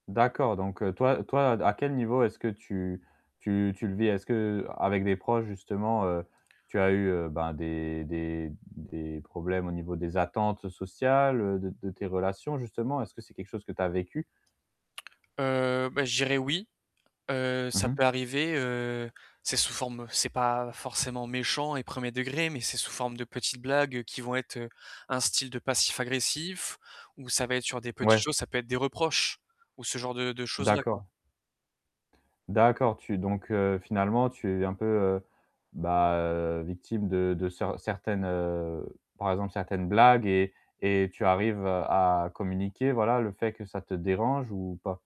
D'accord, donc toi toi, à quel niveau est-ce que tu tu tu le vis? Est-ce qu'avec des proches justement, heu, tu as eu, heu, ben, des des des problèmes au niveau des attentes sociales, heu, de de tes relations justement? Est-ce que c'est quelque chose que tu as vécu? Heu, beh, je dirais oui. Heu, Mmh ça mh. peut arriver, heu, c'est sous forme c'est pas forcément méchant et 1er degré, mais c'est sous forme de petites blagues qui vont être un style de passif agressif ou ça va être sur des petites Ouais. choses, ça peut être des reproches ou ce genre de de choses-là, quoi. D'accord. D'accord, tu donc, heu, finalement, tu es un peu, heu, ben, victime de de ce certaines, heu, par exemple, certaines blagues et et tu arrives à communiquer, voilà, le fait que ça te dérange ou pas?